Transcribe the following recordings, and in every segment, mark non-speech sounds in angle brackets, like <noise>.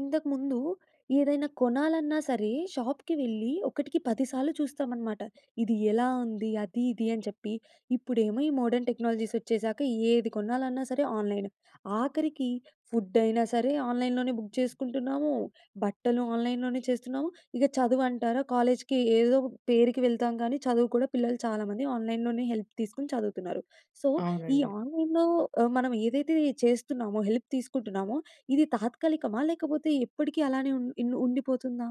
ఇంతకుముందు, ఏదైనా కొనాలన్నా సరే! షాప్‌కి వెళ్ళి ఒకటికి పది సార్లు చూస్తామన్నమాట. ఇది ఎలా ఉంది? అది, ఇది అని చెప్పి. ఇప్పుడేమో ఈ మోడర్న్ టెక్నాలజీస్ వచ్చేసాక ఏది కొనాలన్నా సరే! ఆన్‌లైనే. ఆఖరికి ఫుడ్ అయినా సరే! ఆన్‌లైన్‌లోనే బుక్ చేసుకుంటున్నాము. బట్టలు ఆన్‌లైన్‌లోనే చేస్తున్నాము. ఇక చదువు అంటారా! కాలేజ్‌కి ఏదో పేరుకి వెళ్తాం కానీ చదువు కూడా పిల్లలు చాలామంది ఆన్‌లైన్‌లోనే హెల్ప్ తీసుకొని చదువుతున్నారు. సో, ఈ అవునండి. ఆన్‌లైన్‌లో ఆహ్, మనం ఏదైతే చేస్తున్నామో, హెల్ప్ తీసుకుంటున్నామో ఇది తాత్కాలికమా లేకపోతే ఎప్పటికి అలానే ఉన్ ఇన్ ఉండిపోతుందా?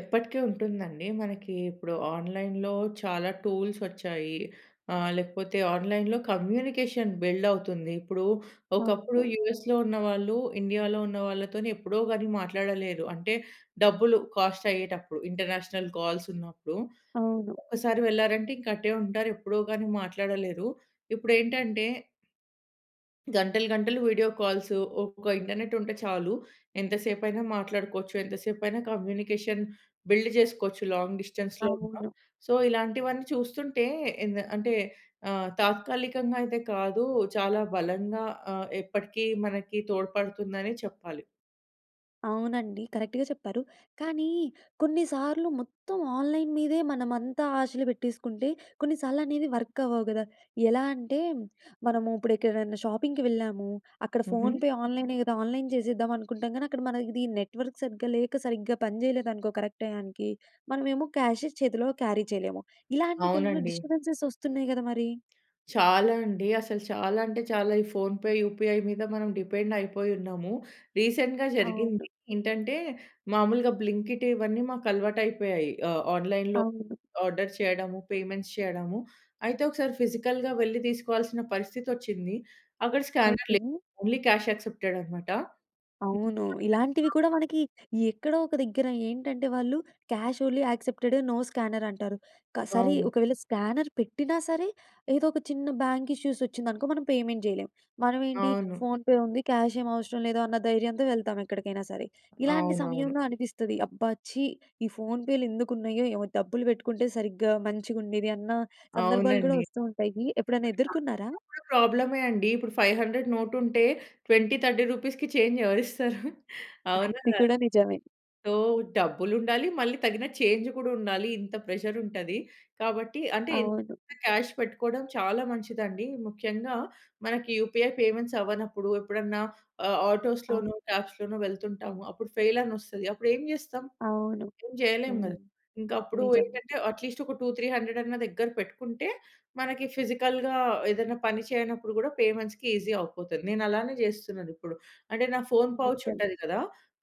ఎప్పటికి ఉంటుందండి. మనకి ఇప్పుడు ఆన్‌లైన్‌లో చాలా టూల్స్ వచ్చాయి. ఆహ్, లేకపోతే ఆన్‌లైన్‌లో కమ్యూనికేషన్ బిల్డ్ అవుతుంది. ఇప్పుడు, ఒకప్పుడు అవును. యూఎస్‌లో ఉన్న వాళ్ళు, ఇండియా‌లో ఉన్న వాళ్ళతోని ఎప్పుడో గాని మాట్లాడలేరు. అంటే డబ్బులు కాస్ట్ అయ్యేటప్పుడు ఇంటర్నేషనల్ కాల్స్ ఉన్నప్పుడు అవును. ఒకసారి వెళ్లారంటే, ఇంకా అటే ఉంటారు. ఎప్పుడో గాని మాట్లాడలేరు. ఇప్పుడు ఏంటంటే గంటలు గంటలు వీడియో కాల్స్ ఒక ఇంటర్నెట్ ఉంటే చాలు. ఎంత సేపైనా మాట్లాడుకోవచ్చు. ఎంత సేపైనా కమ్యూనికేషన్ బిల్డ్ చేసుకోవచ్చు లాంగ్ డిస్టెన్స్‌లో ఉన్న. అవును. సో, ఇలాంటివన్నీ చూస్తుంటే ఎంద అంటే ఆహ్, తాత్కాలికంగా అయితే కాదు, చాలా బలంగా ఆహ్, ఎప్పటికి మనకి తోడ్పడుతుందనే చెప్పాలి. అవునండి కరెక్ట్‌గా చెప్పారు. కానీ కొన్నిసార్లు మొత్తం ఆన్‌లైన్ మీదే మనమంతా ఆశలు పెట్టేసుకుంటే కొన్నిసార్లు అనేది వర్క్ అవ్వవు గద! ఎలా అంటే, మనము ఇప్పుడు ఎక్కడైనా షాపింగ్‌కి వెళ్ళాము, అక్కడ హుహు. ఫోన్‌పే ఆన్‌లైన్ కదా ఆన్‌లైన్ చేసేద్దాం అనుకుంటాం కానీ అక్కడ మన ఇది నెట్వర్క్ సరిగ్గా లేక సరిగ్గా పని చేయలేదనుకో కరెక్ట్ టైయానికీ. మనమేమో క్యాషె చేతిలో క్యారీ చేయలేము. ఇలాంటి టైంలో అవునండి. డిస్టర్బెన్సెస్ వస్తున్నాయి కద మరి? చాలా అండి. అసలు చాలా అంటే చాలా, ఈ ఫోన్‌పే యూపీఐ మీద మనం డిపెండ్ అయిపోయి ఉన్నాము. రీసెంట్‌‌గా జరిగింది అవును. ఏంటంటే, మాములుగా బ్లింకిట్ ఇవన్నీ మాకు అలవాటు అయిపోయాయి. ఆహ్, ఆన్‌లైన్‌లో అవును. ఆర్డర్ చేయడము, పేమెంట్స్ చేయడము. అయితే ఒకసారి ఫిజికల్‌గా వెళ్లి తీసుకోవాల్సిన పరిస్థితొచ్సింది. అక్కడ స్కానర్ ఓకె. లేదు ఓన్లీ క్యాష్ యాక్సెప్టెడ్ అన్నమాట.. అవును. ఇలాంటివి <unintelligible> కూడా మనకి, ఎక్కడో ఒక దగ్గర ఏంటంటే వాళ్ళు 'cash only accepted, no scanner' అంటారు. క సరే అవును. ఒకవేళ స్కానర్ పెట్టినా సరే, ఏదో ఒక చిన్న బ్యాంక్ ఇష్యూస్ వచ్చిందనుకో మనం పేమెంట్ చేయలేం. మనం ఏంటి అవును. ఫోన్‌పే ఉంది క్యాష్ ఏమి అవసరం లేదు అన్న ధైర్యంతో వెళ్తాం ఎక్కడికైనా సరే. ఇలాంటి అవునవును. సమయంలో అనిపిస్తుంది "అబ్బా! ఛీ ఈ ఫోన్‌పే‌లు ఎందుకు ఉన్నాయో ఏమో డబ్బులు పెట్టుకుంటే సరిగ్గా మంచిగుండేది" అన్న సందర్భాలు కూడా అవునండి. వస్తూ ఉంటాయి. ఎప్పుడైనా <unintelligible> ఎదుర్కొన్నారా? ఉన్న కూడా ప్రాబ్లమే అండి. ఇప్పుడు 500 నోటుంటే రూ. 20, 30‌కి చేంజ్ ఎవరు ఇస్తారు? అవునా, అది కాదా? కూడా నిజమే. సో డబ్బులు ఉండాలి, మళ్ళీ తగిన చేంజ్ కూడా ఉండాలి. ఇంత ప్రెషర్ ఉంటది. కాబట్టి ఎంతోకొంత అవును. క్యాష్ పెట్టుకోవడం చాలా మంచిదండి. ముఖ్యంగా మనకి యూపీఐ పేమెంట్స్ అవ్వనప్పుడు ఎప్పుడన్నా ఆహ్, అవును. ఆటోస్‌లోనో, క్యాబ్స్‌లోనో వెళ్తుంటాము. అప్పుడు ఫెయిల్ అని వస్తది. అప్పుడు ఏం చేస్తాం? అవును. ఏం చేయలేం కద. హ్మ్, ఇంక అప్పుడు నిజం. ఏంటంటే అట్లీస్ట్ ఒక 200, 300 అన్న దగ్గర పెట్టుకుంటే మనకి ఫిజికల్‌గా ఏదైనా పని చేయనప్పుడు కూడా పేమెంట్స్‌కి ఈసీ అయిపోతుంది. నేను అలానే చేస్తున్నాను ఇప్పుడు, అంటే నా ఫోన్ పౌచ్ నిజం. ఉంటది కదా!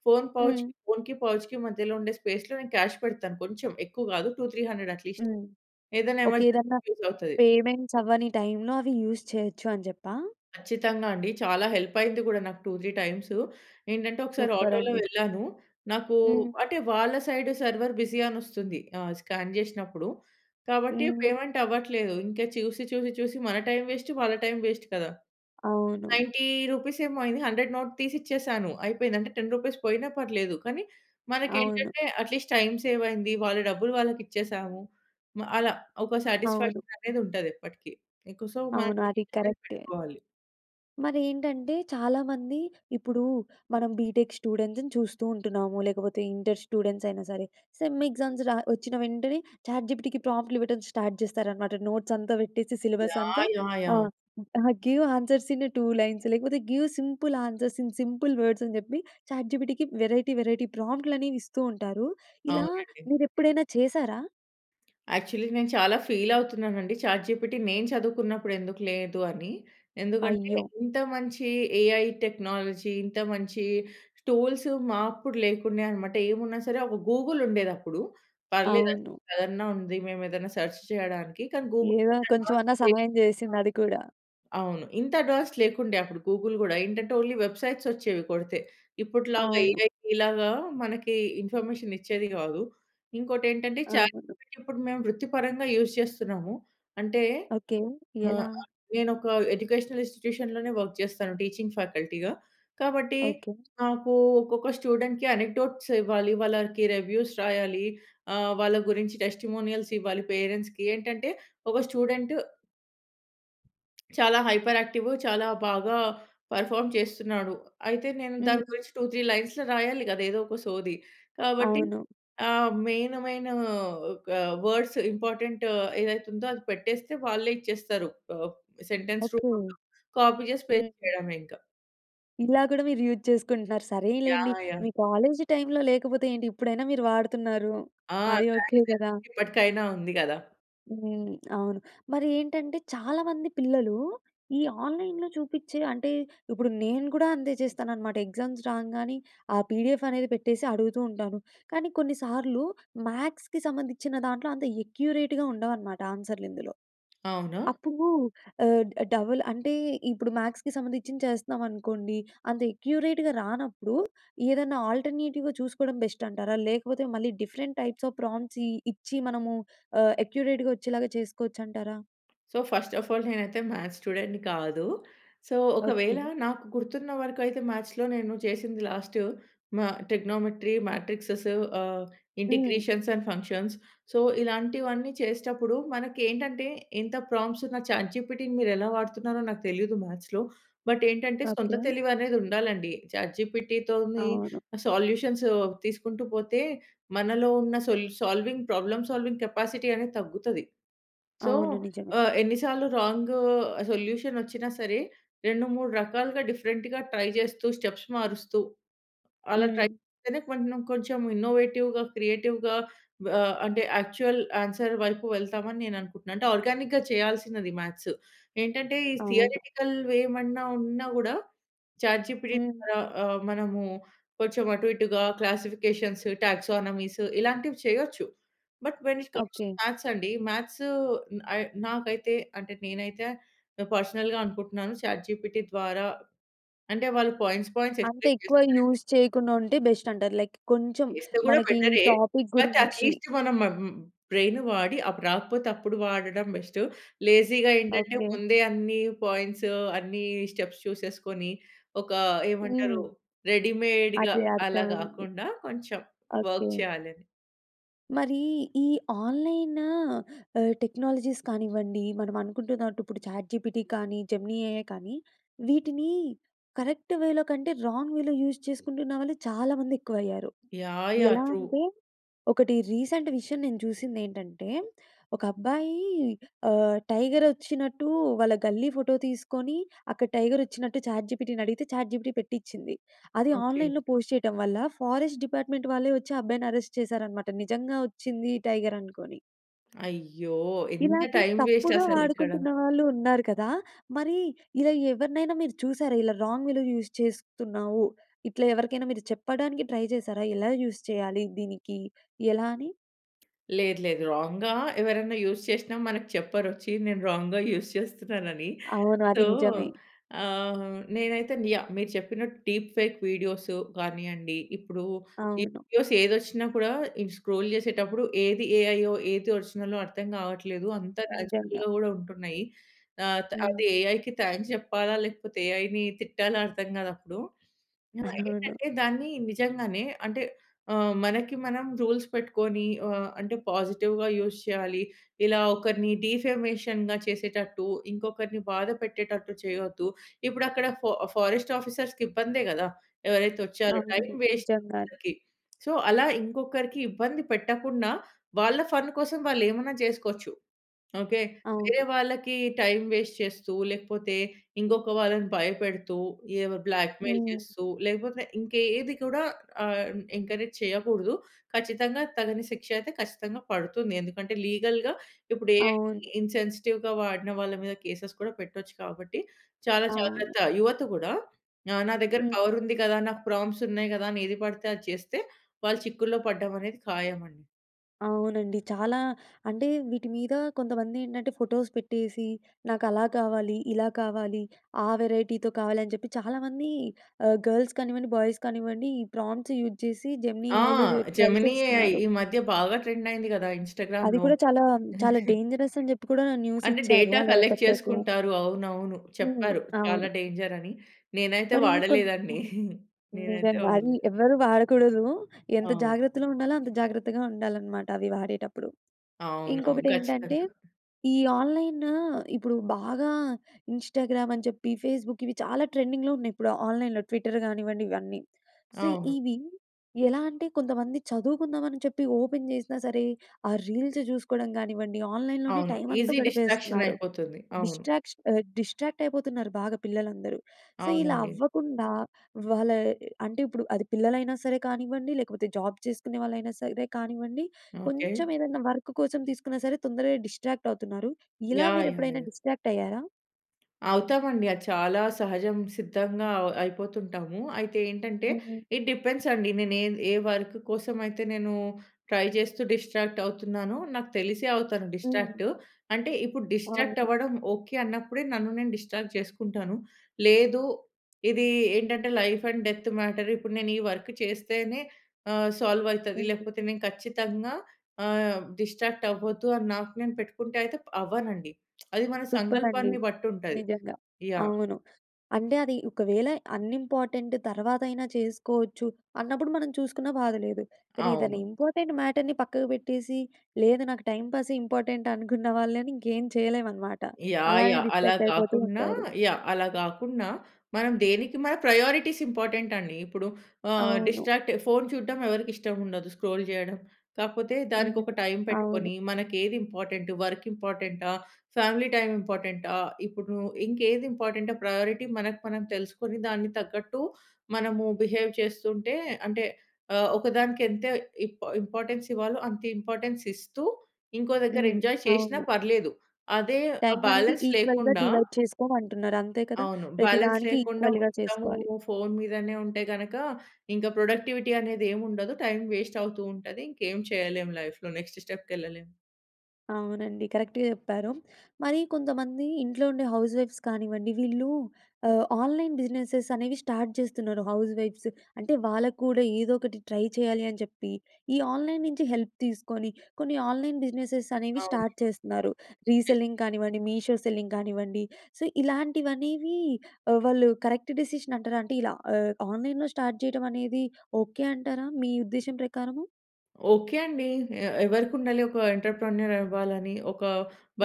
ఫోన్ పౌచ్ హ్మ్. ఫోన్‌కి పౌచ్‌కి మధ్యలో ఉండే స్పేస్‌లో క్యాష్ పెడతాను కొంచెం ఎక్కువ కాదు, 200, 300 అట్లీస్ట్ హ్మ్. ఏదైనా ఒకె ఏదన్నా ఎమర్జెన్సీ‌కి యూజ్ అవుతది. పేమెంట్స్ అవ్వని టైం‌లో, అవి యూజ్ చేయొచ్చు అని చెప్పా? ఖచ్చితంగా అండి. చాలా హెల్ప్ అయింది కూడా నాకు 2, 3 టైమ్సు. ఏంటంటే ఒకసారి సూపర్ ఆటో‌లో అండి. వెళ్ళాను, నాకు హ్మ్. అంటే వాళ్ళ సైడ్ 'సర్వర్ బిజీ' అని వస్తుంది స్కాన్ చేసినప్పుడు కాబట్టి హ్మ్. పేమెంట్ అవ్వట్లేదు ఇంకా చూసి చూసి చూసి మన టైం వేస్ట్ వాళ్ళ టైం వేస్ట్ కదా. అవును. రూ. 90 ఏమో అయింది 100 నోట్ తీసి ఇచ్చేసాను అయిపోయింది అంటే రూ. 10 పోయినా పర్లేదు, కానీ మనకు అవును. ఏంటంటే అట్‌లీస్ట్ టైం సేవ్ అయింది. వాళ్ళ డబ్బులు వాళ్ళకి ఇచ్చేసాము. అలా ఒక అవును. సాటిస్ఫాక్షన్ అనేది ఉంటది ఎప్పటికి. ఇంక సో మనం అవును. అది చేంజ్ కరక్టె. పెట్టుకోవాలి. మరేంటంటే, చాలామంది ఇప్పుడు మనం బీటెక్ స్టూడెంట్స్‌ని చూస్తూ ఉంటున్నాము. లేకపోతే ఇంటర్ స్టూడెంట్స్ అయినా సరే, సెమ్ ఎగ్జామ్స్ రా వచ్చిన వెంటనే చాట్‌జిపిటికి ప్రాంప్ట్‌ట్లు ఇవ్వడం స్టార్ట్ జేస్తారనమాట. నోట్స్ అంతా పెట్టేసి సిలబస్ అంతా yeah! Yeah! Yeah! Ah, ah, give answers in a two lines లేకపోతే give simple answers in simple words అని జెప్పి. చాట్‌జిపిటికి వెరైటీ వెరైటీ ప్రాంప్ట్‌ట్లు అనేవి ఇస్తూ ఉంటారు. ఇలా అవునండి. మీరు ఎప్పుడైనా చేసారా? యాక్చువలీ నేను చాలా ఫీల్ అవుతున్నాను అండి. చాట్‌జిపిటి నేను చదువుకున్నప్పుడు ఎందుకు లేదు అని. ఎందుకంటే అయ్యో! ఇంత మంచి ఏఐ టెక్నాలజీ. ఇంత మంచి టూల్స్ మా అప్పుడు లేకుండే అనమాట. ఏమున్నా సరే ఒక గూగుల్ ఉండేది అప్పుడు. పర్లేదు అద్ అవును. అదన్నా ఉంది. మేము ఏదైనా సెర్చ్ చేయడానికి కానీ గూగుల్ ఏదో అడ్వాన్స్ కొంచెమన్నా పేజ్ సహాయం వుండే. జేసింది అది కూడా. అవును. ఇంత అడ్వాన్స్ లేకుండే. అప్పుడు గూగుల్ గూడా ఏంటంటే ఓన్లీ వెబ్‌సైట్స్ వచ్చేవి కొడితే. ఇప్పుటిలాగా అవును. ఏఐ లాగా మనకి ఇన్ఫర్మేషన్ ఇచ్చేది గాదు. ఇంకోటి ఏంటంటే, అవును. చాట్‌జిపిటి ఇప్పుడు మేము వృత్తి పరంగా యూజ్ చేస్తున్నాము. అంటే ఓకే. ఆహ్, ఎలా? ఆహ్, నేను ఒక ఎడ్యుకేషనల్ ఇన్స్‌స్టిట్యూషన్‌లోనే వర్క్ జేస్తాను. టీచింగ్ ఫ్యాకల్టీ‌గా. కాబట్టి ఓకే. నాకు ఒక్కొక్క స్టూడెంట్‌కి అనిటోట్స్ ఇవ్వాలి. వాళ్ళకి రివ్యూస్ రాయాలి. ఆహ్, వాళ్ళ గురించి టెస్టిమోనియల్స్ ఇవ్వాలి. పేరెంట్స్‌కి ఏంటంటే ఒక స్టూడెంట్... చాలా హైపర్ యాక్టివ్. చాలా బాగా పెర్ఫార్మ్ చేస్తున్నాడు. అయితే నేను దాని హ్మ్. గురించి 2, 3 లైన్స్‌లో రాయాలి గదా! ఏదో ఒక సోది. కాబట్టి అవును. ఆహ్, మెయిన్ మెయిను ఒక వర్డ్స్ ఇంపార్టెంట్ ఏదైతే ఉందో, అది పెట్టేస్తే వాళ్ళే ఇచ్చేస్తారు ఆప్ సెంటెన్స్ ఓకే. రూపంలో కాపీ జేసి పేస్ట్ హ్మ్. జేయడమే ఇంక. ఇలా కూడా మీరు యూజ్ చేసుకుంటున్నారు. సరేలెండి! యాహ్! యాహ్! మీ కాలేజీ టైమ్‌లో లేకపోతే ఏంటి? ఇప్పుడైనా మీరు వాడుతున్నారు. ఆ! అది ఓకే, థాంక్స్ కదా! అండీ. ఇప్పటికైనా ఉంది కదా! హ్మ్. అవును. మరి ఏంటంటే, చాలా మంది పిల్లలు ఈ ఆన్‌లైన్‌లో చూపించే అంటే, ఇప్పుడు నేను కూడా అంతే చేస్తానన్నమాట, ఎగ్జామ్స్ రాంగానే ఆ పిడిఎఫ్ అనేది పెట్టేసి అడుగుతుంటాను. కానీ, కొన్ని సార్లు మ్యాథ్స్‌కి సంబంధించిన దాంట్లో, అంత అక్యురేట్‌గా ఉండవన్నమాట. ఆన్సర్‌లు ఇందులో. అవునా? అప్పుడు ఆహ్, డబుల్ అంటే, ఇప్పుడు మ్యాథ్స్‌కి సంబంధించింది చేస్తున్నాం అనుకోండి, అంత అక్యురేట్‌గా రానప్పుడు ఏదన్నా ఆల్టర్నేటివ్‌గా చూసుకోవడం బెస్ట్ అంటారా? లేకపోతే, మళ్ళీ డిఫరెంట్ టైప్స్ ఆఫ్ ప్రాంప్ట్స్ ఇ ఇచ్చి మనము ఆహ్, అక్యురేట్‌గా వచ్చేలాగా చేసుకోవచ్చంటారా? సో, ఫస్ట్ ఆఫ్ ఆల్ నేనైతే మ్యాథ్స్ స్టూడెంట్‌ని కాదు. So, okay. ఒకవేళ నాకు గుర్తున్న వరకు అయితే, మ్యాథ్స్‌లో నేను చేసింది లాస్టు మా ట్రిగ్నోమెంట్రీ, మాట్రిక్సేస్ ఆహ్, హ్మ్. Integrations and functions. సో, ఇలాంటివన్నీ చేసేటప్పుడు మనకి ఏంటంటే, ఇంత ప్రాంప్ట్స్ ఉన్న చాట్‌ జీపీటీ‌ని మీరు ఎలా వాడుతున్నారో నాకు తెలియదు మ్యాథ్స్‌లో. బట్, ఏంటంటే సొంత ఓకే. తెలివి అనేది ఉండాలండి. చాట్‌‌‌‌‌‌‌‌‌‌‌‌‌‌‌ జీపీటీ తోని అవును. సొల్యూషన్స్ తీసుకుంటూ పోతే, మనలో ఉన్న సోల్ సాల్వింగ్ ప్రాబ్లమ్ సాల్వింగ్ కెపాసిటీ అనేది తగ్గుతది. సో, అవును. నిజమే. ఆహ్, ఎన్ని సార్లు రాంగ్ సొల్యూషన్ వచ్చినా సరే, 2, 3 రకాలుగా డిఫరెంట్‌గా ట్రై చేస్తూ, స్టెప్స్ మారుస్తూ, అలా ట్రై హ్మ్. చేస్తేనే కొంచం, కొంచం ఇన్నో‌వేటివ్‌గా క్రియేటివ్‌గా ఆహ్, అంటే, యాక్చువల్ ఆన్సర్ వైపు వెళ్తాం, అని నేను అనుకుంటున్నాను. అంటే, ఆర్గానిక్‌గా చేయాల్సినది మ్యాథ్స్. ఏంటంటే, ఈ అవును. థియరెటికల్ ఏమన్నా ఉన్నా కూడా, చాట్‌ జీపీటీ హ్మ్. ద్వారా ఆహ్, మనము కొంచెం అటు ఇటుగా క్లాసిఫికేషన్స్ టాక్సానమీస్ ఇలాంటివి చేయొచ్చు. But, when it comes‌ to okay. Maths అండి, మ్యాథ్స్ ఐ నాకైతే అంటే, నేనైతే ఆహ్, పర్సనల్‌గా అనుకుంటున్నాను. చాట్‌‌‌‌‌‌‌‌‌‌‌‌‌‌‌ జీపీటీ ద్వారా అంటే, వాళ్ళు పాయింట్స్, పాయింట్స్ అంత ఎక్స్‌ప్లేన్ ఎక్కువ చేస్తారండి. యూజ్ చేయకుండా ఉంటే, బెస్ట్ అంటారు. లైక్ కొంచెం చేస్తే కూడా మనకి ఈ బెటరే, టాపిక్ అయితే గురించి అట్లీస్ట్ మనం మ్మ్ బ్రెయిన్ వాడి అప్పుడు రాకపోతే, అప్పుడు వాడడం బెస్టు. లేజీ‌గా ఏంటంటే, ఓకే. ముందే అన్ని పాయింట్స్, అన్ని స్టెప్స్ చూసేసుకొని, ఒక ఏమంటారు హ్మ్. రెడీ‌‌మేడ్‌గా అదే. అలా అర్థమైంది. కాకుండా, కొంచెం ఓకే. వర్క్ చేయాలని. మరీ ఈ ఆన్‌లైన్ ఆహ్, టెక్నాలజీస్ కానివ్వండి, మనం అనుకుంటున్నట్టు ఇప్పుడు చాట్‌‌ జీపిటీ కానీ, జెమినీ ఎ‌ఐ కానీ, వీటిని కరెక్ట్ వే‌లో కంటే, రాంగ్ వే‌లో యూజ్ చేసుకుంటున్న వాళ్ళు చాలా మంది ఎక్కువయ్యారు. యాహ్! యాహ్! ఎలా ట్రూ. అంటే, ఒకటి రీసెంట్ విషయం నేను చూసిందేంటంటే, ఒక అబ్బాయి ఆహ్, టైగర్ వోచ్చినట్టు వాళ్ళ గల్లీ ఫోటో తీసుకొని, అక్కడ టైగర్ వచ్చినట్టు చాట్ జిపిటి‌ని అడిగితే, చాట్ జిపిటి పేట్టిచింది. అది ఓకే. ఆన్‌లైన్‌లో పోస్ట్ చేయటం వల్ల, ఫారెస్ట్ డిపార్ట్మెంట్ వాళ్ళే వచ్చి, ఆ అబ్బాయిని అరెస్ట్ చేశారనమాట. నిజంగా, వోచ్చింది టైగర్ అనుకోని. అయ్యో! ఎంత ఇలాగే టైం వేస్ట్ తప్పుగా అసలు ఇక్కడ? వాడుకుంటున్న వాళ్ళూ ఉన్నారు కదా! మరి, ఇలా ఎవరినైనా మీరు చూశారా, ఇలా రాంగ్ వేలో యూజ్ చేస్తున్నావు, ఇట్లా ఎవరికైనా మీరు చెప్పడానికి ట్రై చేశారా, ఎలా యూజ్ చేయాలి దీనికి, ఎలా అని? లేదు, లేదు. రాంగ్‌గా ఎవరన్నా యూజ్ చేసినా, మనకు చెప్పరొచ్చి నేను రాంగ్‌గా యూజ్ చేస్తున్నానని. అవును. అది సో, నిజమే. ఆహ్, నేనైతేను యాహ్, మీరు చెప్పినట్టు డీప్ ఫేక్ వీడియోసు గానియండి. ఇప్పుడు ఈ అవును. వీడియోస్ ఏదొచ్చిన కూడా, ఇది స్క్రోల్ జేసేటప్పుడు, ఏది ఏఐయో, ఏది ఒరిజిన‌లో అర్థం కావట్లేదు. అంత నిజంగా. న్యాచురల్‌గా కూడా ఉంటున్నాయి. ఆత్ అటు హ్మ్. ఏఐకి థాంక్స్ చెప్పాలా, లేకపోతే ఏఐని తిట్టాలా అర్థం కాదప్పుడూ. అవును. ఆహ్, <chuckles> ఏంటంటే దాన్ని నిజంగానే అంటే ఆహ్, మనకి మనం రూల్స్ పెట్టుకోని, ఆహ్, అంటే, పాజిటివ్‌గా యూజ్ చేయాలి. ఇలా ఒకరిని డీఫెమేషన్‌గా చేసేటట్టు, ఇంకొకరిని బాధ పెట్టేటట్టు, చేయొద్దు. ఇపుడక్కడ ఫొ ఫారెస్ట్ ఆఫీసర్స్‌కిబ్బందే కదా! ఎవరైతే వచ్చారో, టైం అవును. వేస్ట్ నిజంగానే. ఇంకొకరికి. సో, అలా ఇంకొకరికి ఇబ్బంది పెట్టకుండా, వాళ్ళ ఫన్ కోసం వాళ్ళేమనా చేసుకోచ్చు. ఓకే! వేరే అవును. వాళ్ళకి టైం వేస్ట్ చేస్తూ, లేకపోతే ఇంకొక వాళ్ళని భయపెడుతూ, ఏవో బ్లాక్‌మెయిల్ హ్మ్. చేస్తూ, లేకపోతే ఇంక యేది కూడా ఆహ్, ఎంకరేజ్ చేయకూడదు. ఖచ్చితంగా తగని శిక్ష అయితే ఖచ్చితంగా పడుతుంది. ఎందుకంటే, లీగల్‌గా ఇప్పుడు ఏఐని అవును. ఇన్‌సెన్సిటివ్‌గా వాడిన వాళ్ళ మీద కేసెస్ కూడా పెట్టొచ్చు కాబట్టి, చాలా అవును. జాగ్రత్త. యువత కూడా ఆహ్, నా దగ్గర హ్మ్. పవరుంది కదా, నాకు ప్రాంప్ట్స్ ఉన్నాయి కదా, అని ఏది పడితే అది చేస్తే, వాళ్ళు చిక్కుల్లో పడడం అనేది ఖాయం అండి. అవునండి. చాలా అంటే, వీటి మీద కొంతమంది ఏంటంటే, ఫోటోస్ పెట్టేసి, నాకు అలా కావాలి, ఇలా కావాలి, ఆ వెరైటీతో కావాలి, అని చెప్పి చాలామంది ఆహ్, గర్ల్స్ కానివ్వండి, బాయ్స్ కానివ్వండి, ఈ ప్రాంప్ట్స్ యూజ్ చేసి, జెమినీ ఆ! ఏఐలో చె ట్రై జెమిని ఏఐ చేస్తున్నారు. ఈ మధ్య బాగా ట్రెండ్ అయింది కదా! అది ఇన్‌స్టాగ్రామ్‌లో. కూడా చాలా, చాలా <chuckles> డేంజరస్ అని చెప్పి, కూడా న్యూస్ అంటే, ఇచ్చారు. డేటా అలా కలెక్ట్ పెట్టొద్దు చేసుకుంటారు. అవునవును. హ్మ్. చెప్పారు చాలా అవును. డేంజర్ అని. నేనైతే మరి వాడలే కొన్ని దాన్ని. హ్మ్. <chuckles> నేనైతే నిజంగా అది వాడలేదు. ఎవరు వాడకూడదు. ఎంత అవును. జాగ్రత్తగా ఉండాలో, అంత జాగ్రత్తగా ఉండాలి అన్నమాట, అవి వాడేటప్పుడు. అవునవును. ఇంకొకటి ఏంటంటే, ఖచ్చితంగా. ఈ ఆన్‌లైను ఇప్పుడు బాగా ఇన్‌స్టాగ్రామ్ అని చెప్పి, ఫేస్‌బుక్ ఇవి చాలా ట్రెండింగ్‌లో ఉన్నాయి ఇప్పుడు, ఆన్‌లైన్‌లో ట్విట్టర్ కానివ్వండి ఇవన్నీ. సో, అవును. ఇవి ఎలా అంటే, కొంతమంది చదువుకుందాం, అని చెప్పి ఓపెన్ చేసినా సరే, ఆ రీల్స్ చూసుకోవడం గానివ్వండి, ఆన్‌లైన్‌లోనే అవును. టైం అంతా ఈసీ డిస్ట్రాక్షన్ గడిపేస్తున్నారు. అయిపోతుంది. అవును. డిస్ట్రాక్ష డిస్ట్రాక్ట్ అయిపోతున్నారు బాగా పిల్లలందరూ. సో, ఇలా అవునండి. అవ్వకుండా వాళ్ళ ఆహ్, అంటే, ఇప్పుడు అది పిల్లలైనా సరే కానివ్వండి, లేకపోతే జాబ్ చేసుకునే వాళ్ళైనా సరే కానివ్వండి, ఓకే. కొంచెం ఏదైనా వర్క్ కోసం తీసుకున్న సరే, తొందరగా డిస్ట్రాక్ట్ అవుతున్నారు. ఇలా యాహ్! మీరు యాహ్! ఎప్పుడైనా యాహ్! డిస్ట్రాక్ట్ అయ్యారా? అవుతామండి. అది చాలా సహజం, సిద్ధంగా అవ్ అయిపోతుంటాము. అయితే ఏంటంటే హ్మ్. ఇట్ డిపెండ్స్ అండి, నేను ఏద్ ఏ వర్క్ కోసం అయితే నేను ట్రై చేస్తూ డిస్‌ట్రాక్ట్ అవుతున్నానో, నాకు తెలిసే అవుతాను హ్మ్. డిస్‌ట్రాక్ట్. అంటే ఇప్పుడు డిస్‌ట్రాక్ట్ అవును. అవ్వడం ఓకె అన్నప్పుడే, నన్ను నేను డిస్‌ట్రాక్ట్ చేసుకుంటాను. లేదు ఇది ఏంటంటే లైఫ్ అండ్ డెత్ మ్యాటర్. ఇప్పుడు నేను ఈ వర్క్ చేస్తేనే ఆహ్, సాల్వ్ అయితది, లేకపోతే నేను ఖచ్చితంగా ఆహ్, డిస్‌ట్రాక్ట్ అవ్వొద్దు అని, నాకు నేను పెట్టుకుంటే అయితే ప అవ్వనండి. <smacks lips> అది మన టుప్రా అండీ. సంకల్పాన్ని బట్టి ఉంటది. నిజంగా. యాహ్! అవును. అంటే అది ఒకవేళ అన్‌ఇంపార్టెంట్ తర్వాతైనా చేసుకోవచ్చు, అన్నప్పుడు మనం చూసుకున్న బాధ లేదు. కాని ఏదన్న అవును. ఇంపార్టెంట్ మ్యాటర్‌ని పక్కకి పెట్టేసి, లేదు నాకు టైంపాసే ఇంపార్టెంట్ అనుకున్న వాళ్ళని ఇంకేం చేయలేం అన్నమాట. యాహ్! అలానే యాహ్! అలా డిస్ట్రాక్ట్ అయిపోతూ కాకున్నా ఉంటారు. యాహ్! అలా కాకున్నా, మనం దేనికి మన ప్రయారిటీస్ ఇంపార్టెంట్ అండి. ఇప్పుడు ఆహ్, అవును. డిస్‌ట్రాక్ట్ ఫోన్ చూడడం ఎవరికి ఇష్టం ఉండదు? స్క్రోల్ చేయడం. కాకపోతే దానికి హ్మ్. ఒక టైం అవును. పెట్టుకొని, మనకి ఏది ఇంపార్టెంట్, వర్క్ ఇంపార్టెంటా? ఫ్యామిలీ టైమ్ హ్మ్. ఇంపార్టెంటా? ఇప్పుడు నువ్వు ఇంకే ఏది ఇంపార్టెంట్ ప్రయారిటీ మనకు మనం తెలుసుకొని, దానికి తగ్గట్టు మనము బిహేవ్ చేస్తుంటే అంటే, ఆహ్, ఒకదానికి ఎంత ఇంప్ ఇంపార్టెన్స్ ఇవ్వాలో అంత ఇంపార్టెన్స్ ఇస్తూ, ఇంకో దగ్గర హ్మ్, ఎంజాయ్ చేషీనా అవును. పర్లేదు. అదే ఆ టైం అనేది బాలన్స్ ఈక్వల్‌గా లేకుండా డివైడ్ చేసుకోమంటున్నారు, అంతే కద! అవును. ప్రతి బాలన్స్ దానికి లేకుండా ఈక్వల్‌గా మొత్తము చేసుకోవాలి. ఫోన్ మీదనే ఉంటే గనుక, ఇంకా ప్రొడక్టివిటీ అనేది ఏం ఉండదు. టైం వేస్ట్ అవుతూ ఉంటది. ఇంకేం చేయలేం లైఫ్‌లో నెక్స్ట్ స్టెప్‌కి ఎళ్ళలేము. అవునండి. కరెక్ట్‌‌గా చెప్పారు. మరి కొంతమంది ఇంట్లో ఉండే హౌస్ వైఫ్స్ కానివ్వండి, వీళ్ళు ఆహ్, ఆన్‌లైన్ బిజినెస్సె‌స్ అనేవి స్టార్ట్ చేస్తున్నారు హౌస్ వైఫ్స్. అంటే, వాళ్ళకి కూడా ఏదో ఒకటి ట్రై చేయాలి అని చెప్పి, ఈ ఆన్‌లైన్ నుంచి హెల్ప్ తీసుకొని, కొన్ని ఆన్‌లైన్ బిజినెస్సెస్ అనేవి అవును. స్టార్ట్ చేస్తున్నారు. యెస్. రీసెల్లింగ్ కానివ్వండి, మీషో సెల్లింగ్ కానివ్వండి, సో ఇలాంటివనేవి ఆహ్, వాళ్ళు కరెక్ట్ డెసిషన్ అంటారా? అంటే, ఇలా ఆహ్, ఆన్‌లైన్‌లో స్టార్ట్ చేయడం అనేది ఓకే అంటారా, మీ ఉద్దేశ్యం ప్రకారము? ఓకే అండి. ఏ ఎవరికి ఉండాలి ఒక ఎంటర్‌ప్రెన్యూర్ అవ్వాలని, ఒక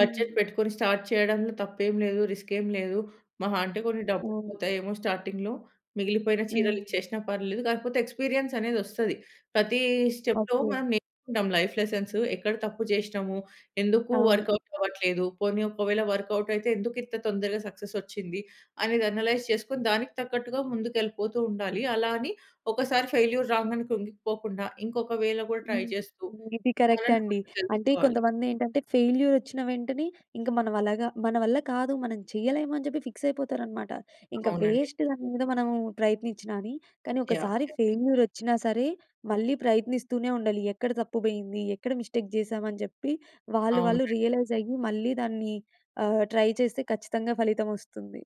హ్మ్. పెట్టుకొని స్టార్ట్ చేయడంలో తప్పేం లేదు, రిస్కేం లేదు, మహా అంటే కొన్ని డబ్బులు అవును. పోతాయేమో స్టార్టింగ్‌లో, మిగిలిపోయిన చీరలు హ్మ్. ఇచ్చేసినా పర్వాలేదు, కాకపోతే ఎక్స్‌పీరియన్స్ అనేది వస్తది. ప్రతి స్టెప్‌లో ఓకే. మనం నేర్చుకొంటాం. లైఫ్ లెసన్స్, ఎక్కడ తప్పు చేసినాము? ఎందుకు అవును. వర్కౌట్ అవ్వట్లేదు? పోనీ ఒక వేళ వర్కౌట్ అయితే, ఎందుకు ఇంత తొందరగా సక్సెస్ వచ్చింది? అనేది అనలైజ్ చేసుకొని, దానికి తగ్గట్టుగా ముందుకు ఎళ్ళిపోతూ ఉండాలి. అలా అని ఒక సారి ఫెయిల్యూర్ రాంగానే కృంగిపోకుండా, ఇంకొక వేలో కూడా ట్రై హ్మ్. చేస్తూ, ఇది కరెక్ట్ అలానే అండి. కొన్ని అంటే, తెలుసుకోవాలి. కొంతమంది ఏంటంటే ఫెయిల్యూర్ వచ్చిన వెంటనే ఇంక మనం అలాగా మన వల్ల కాదు, మనం చేయలేమని చెప్పి ఫిక్స్ అయిపోతారన్నమాట. ఇంక అవునండి. వేస్ట్ దాని మీద మనము ప్రయత్నించినా అని. కానీ, యాహ్! ఒకసారి యాహ్! ఫెయిల్యూర్ వచ్చినా సరే, మళ్ళీ ప్రయత్నిస్తూనే ఉండాలి. ఎక్కడ తప్పు పోయింది? ఎక్కడ మిస్టేక్ చేశాం, అని చెప్పి? వాళ్ళు వాళ్ళు అవునండి. రియలైజ్ అయ్యి మళ్ళీ దాన్ని ఆహ్, ట్రై చేస్తే ఖచ్చితంగా ఫలితం వస్తుంది.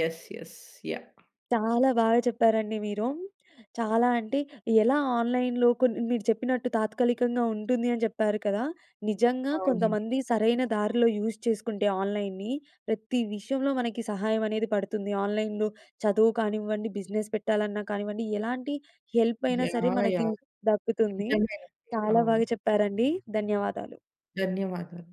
యెస్. యెస్. యాహ్! చాలా బాగా చెప్పారండి మీరు. చాలా అంటే, ఎలా ఆన్‌లైన్‌లో కొన్ని మీరు చెప్పినట్టు తాత్కాలికంగా ఉంటుంది అని చెప్పారు కదా! నిజంగా అవునండి. కొంతమంది సరైన దారిలో యూస్ చేసుకుంటే ఆన్‌లైన్నీ, ప్రతి విషయంలో మనకి సహాయం అనేది పడుతుంది. ఆన్‌లైన్‌లో చదువు కానివ్వండి, బిజినెస్ పెట్టాలన్నా కానివ్వండి, ఎలాంటి హెల్ప్ అయినా సరే యాహ్! మనకి యాహ్! దక్కుతుంది. నిజమే‌నండి. చాలా అవును. బాగా చెప్పారండి. ధన్యవాదాలు. ధన్యవాదాలు.